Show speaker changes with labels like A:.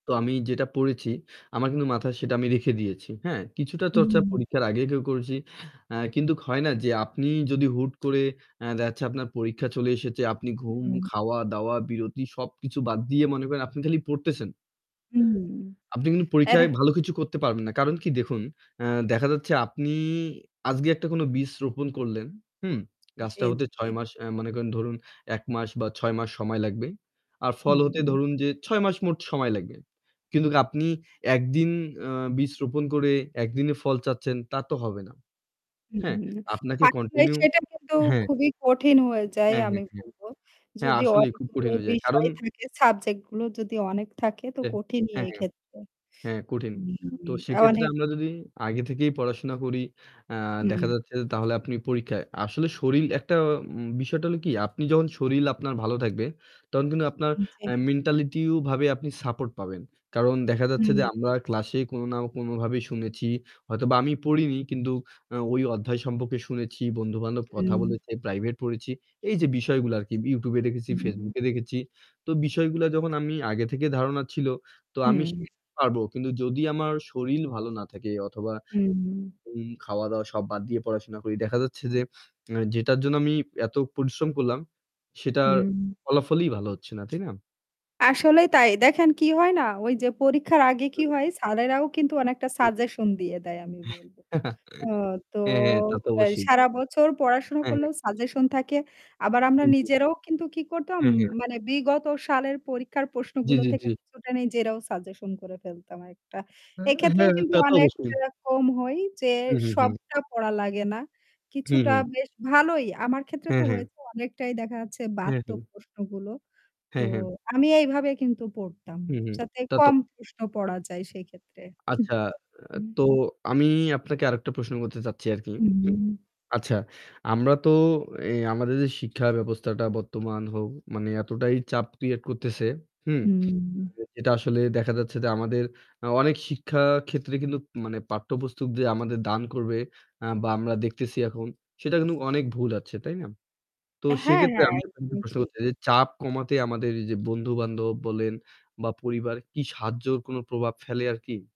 A: তো আমি যেটা পড়েছি, আমার কিন্তু মাথায় সেটা আমি রেখে দিয়েছি। হ্যাঁ, কিছুটা চর্চা
B: হুম।
A: পরীক্ষার আগে, আগেও করেছি। আ কিন্তু হয় না যে আপনি যদি হুট করে এ দেখা যাচ্ছে আপনার পরীক্ষা চলে এসেছে, আপনি ঘুম,
B: হুম।
A: খাওয়া-দাওয়া, বিরতি সবকিছু বাদ দিয়ে মনে করেন আপনি খালি পড়তেছেন।
B: হুম।
A: আপনি কিন্তু
B: এটা
A: পরীক্ষায় ভালো কিছু করতে পারবেন না। কারণ কি দেখুন, এ দেখা যাচ্ছে আপনি আজকে একটা কোনো বীজ রোপণ করলেন। হুম? গাছটা
B: জ্বী,
A: হতে ৬
B: জ্বী।
A: মাস আ মানে করেন ধরুন ১ মাস বা ৬ মাস সময় লাগবে। আর ফল হতে
B: হুম।
A: ধরুন যে ৬ মাস মোট সময় লাগবে। কিন্তু আপনি একদিন আ বীজ রোপণ করে ১ দিনে ফল চাচ্ছেন তা তো হবে না। হ্যাঁ,
B: হুম,
A: আপনাকে
B: [unintelligible]
A: কন্টিনিউ
B: সেটা কিন্তু
A: হ্যাঁ।
B: খুবই কঠিন হয়ে যায়
A: হ্যাঁ, হ্যাঁ,
B: আমি
A: হ্যাঁ।
B: বলবো।
A: হ্যাঁ
B: যদি
A: আসলেই খুব
B: অনেকগুলো
A: কঠিন হয়ে যায়। কারণ
B: বিষয় থাকে সাবজেক্ট গুলো যদি অনেক থাকে তো
A: অ্যা
B: কঠিনই
A: হ্যাঁ, হ্যাঁ।
B: এক্ষেত্রে।
A: হ্যাঁ, কঠিন। তো
B: উম
A: সেক্ষেত্রে
B: অনেক
A: আমরা যদি আগে থেকেই পড়াশোনা করি, আ দেখা
B: হুম।
A: যাচ্ছে যে তাহলে আপনি পরীক্ষায় আসলে শরীর একটা উম বিষয়টা হলো কি আপনি যখন শরীর আপনার ভালো থাকবে, তখন কিন্তু আপনার
B: হুম
A: এ
B: জি।
A: মেন্টালিটিও ভাবে আপনি সাপোর্ট পাবেন। কারণ দেখা যাচ্ছে যে
B: হুম।
A: আমরা ক্লাস এ কোনো না কোনো ভাবেই শুনেছি, হয়তোবা আমি পড়িনি। কিন্তু আ ওই অধ্যায় সম্পর্কে শুনেছি, বন্ধু-বান্ধব কথা
B: হুম।
A: বলেছে, প্রাইভেট পড়েছি। এই যে বিষয়গুলা আরকি। YouTube দেখেছি,
B: হুম।
A: Facebook এ দেখেছি। তো বিষয়গুলা যখন আমি আগে থেকে ধারণা ছিল, তো আমি
B: হুম।
A: শিখতে পারবো। কিন্তু যদি আমার শরীর ভালো না থাকে অথবা
B: হুম।
A: ঘুম, খাওয়া-দাওয়া সব বাদ দিয়ে পড়াশোনা করি। দেখা যাচ্ছে এ যে যেটার জন্য আমি এত পরিশ্রম করলাম সেটার
B: হুম।
A: ফলাফলই ভালো হচ্ছে না। তাই না?
B: আসলেই তাই। দেখেন কি হয় না ওই যে পরীক্ষার আগে কি
A: [unintelligible]
B: হয় স্যারেরাও কিন্তু অনেকটা
A: হুম, হুম।
B: সাজেশন দিয়ে দেয় আমি বলব। ও তো
A: হ্যাঁ, হ্যাঁ, তা তো
B: অল
A: অবশ্যই।
B: সারা বছর পড়াশোনা
A: হ্যাঁ, হ্যাঁ।
B: করলেও সাজেশন থাকে। আবার আমরা
A: জ্বী, জ্বী।
B: নিজেরাও কিন্তু কি করতাম
A: হ্যাঁ, হ্যাঁ।
B: মানে বিগত সালের পরীক্ষার
A: জ্বী,
B: প্রশ্নগুলো
A: জ্বী,
B: থেকে
A: জ্বী।
B: কিছুটা নিজেরাও সাজেশন করে ফেলতাম একটা।
A: হ্যাঁ,
B: এক্ষেত্রেও
A: হ্যাঁ
B: কিন্তু
A: তা তো অবশ্যই।
B: অনেকটা কম হয় যে
A: হু, হু, হু।
B: সবটা পড়া লাগে না।
A: হু,
B: কিছুটা
A: হু।
B: বেশ ভালোই। আমার ক্ষেত্রে
A: হ্যাঁ,
B: তো
A: হ্যাঁ।
B: অনেকটাই দেখা যাচ্ছে
A: হ্যাঁ,
B: বাড়ত
A: হ্যাঁ।
B: প্রশ্নগুলো। তো
A: হ্যাঁ, হ্যাঁ।
B: আমি এইভাবেই কিন্তু পড়তাম।
A: হুম, হুম।
B: যাতে
A: তা তো
B: কম প্রশ্ন পড়া যায় সেক্ষেত্রে।
A: আচ্ছা অ্যা
B: হুম।
A: তো আমি আপনাকে আরেকটা প্রশ্ন করতে চাচ্ছি আরকি।
B: হুম।
A: আচ্ছা, আমরা তো এ আমাদের যে শিক্ষা ব্যবস্থাটা বর্তমান হোক, মানে এতটাই চাপ ক্রিয়েট করতেছে, হুম?
B: হুম।
A: যেটা আসলে দেখা যাচ্ছে যে আমাদের আ অনেক শিক্ষা ক্ষেত্রে কিন্তু মানে পাঠ্যপুস্তক যে আমাদের দান করবে আ বা আমরা দেখতেছি এখন সেটা কিন্তু অনেক ভুল আছে, তাই না? তো
B: হ্যাঁ,
A: সেক্ষেত্রে
B: হ্যাঁ
A: আমি আপনাকে
B: একদমই
A: প্রশ্ন
B: ঠিক।
A: করতে চাই যে চাপ কমাতে আমাদের এইযে বন্ধু-বান্ধব বলেন বা পরিবার কি সাহায্যর কোনো প্রভাব ফেলে আরকি?